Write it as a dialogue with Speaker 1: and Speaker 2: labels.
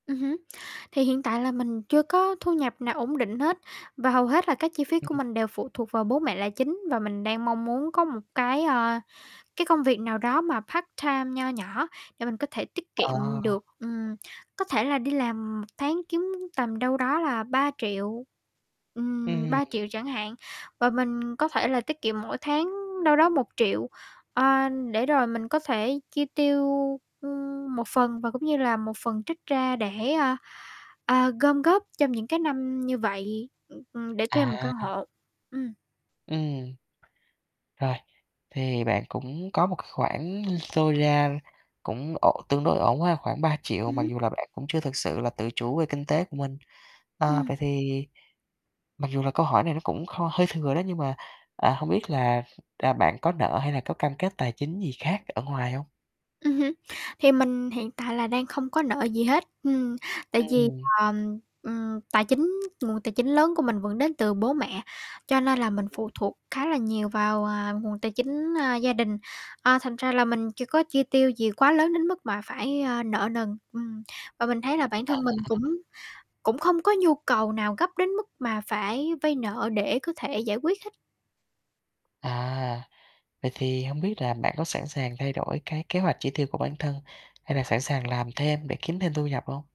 Speaker 1: Ừm hứm. Thì hiện tại là mình chưa có thu nhập nào ổn định hết, và hầu hết là các chi phí của
Speaker 2: Ừm.
Speaker 1: mình đều phụ thuộc vào bố mẹ là chính và mình đang mong muốn có một cái, ơ, cái công việc nào đó mà part-time nho nhỏ để mình có thể tiết
Speaker 2: Ờ.
Speaker 1: kiệm được. Ừm, có thể là đi làm tháng kiếm tầm đâu đó là 3.000.000, ừm,
Speaker 2: Ừm.
Speaker 1: 3.000.000 chẳng hạn, và mình có thể là tiết kiệm mỗi tháng đâu đó 1.000.000, ờ, để rồi mình có thể chi tiêu, ưm, một phần và cũng như là một phần trích ra để, a, a, gom góp trong những cái năm như vậy, ưm, ừm, để thuê một
Speaker 2: À.
Speaker 1: căn hộ. Ừm.
Speaker 2: Ừm. Rồi, thì bạn cũng có một cái khoản dôi ra cũng ổn tương đối ổn ha, khoảng 3.000.000, mặc
Speaker 1: Ừm.
Speaker 2: dù là bạn cũng chưa thực sự là tự chủ về kinh tế của mình. Ờ,
Speaker 1: Ừm.
Speaker 2: vậy thì mặc dù là câu hỏi này nó cũng kho hơi thừa đó, nhưng mà, à, hông biết là là bạn có nợ hay là có cam kết tài chính gì khác ở ngoài hông?
Speaker 1: Ừm hưm. Thì mình hiện tại là đang không có nợ gì hết, ừm, tại vì,
Speaker 2: Ừm.
Speaker 1: ờm, ừm, tài chính nguồn tài chính lớn của mình vẫn đến từ bố mẹ, cho nên là mình phụ
Speaker 2: Ừm.
Speaker 1: thuộc khá là nhiều vào, à, nguồn tài chính, a, gia đình. À, thành ra là mình chưa có chi tiêu gì quá lớn đến mức mà phải, a, nợ nần, ừm, và mình thấy là bản
Speaker 2: À.
Speaker 1: thân mình cũng cũng không có nhu cầu nào gấp đến mức mà phải vay nợ để có thể giải quyết hết.
Speaker 2: À, vậy thì hông biết là bạn có sẵn sàng thay đổi cái kế hoạch chỉ tiêu của bản thân hay là sẵn sàng làm thêm để kiếm thêm thu nhập hông?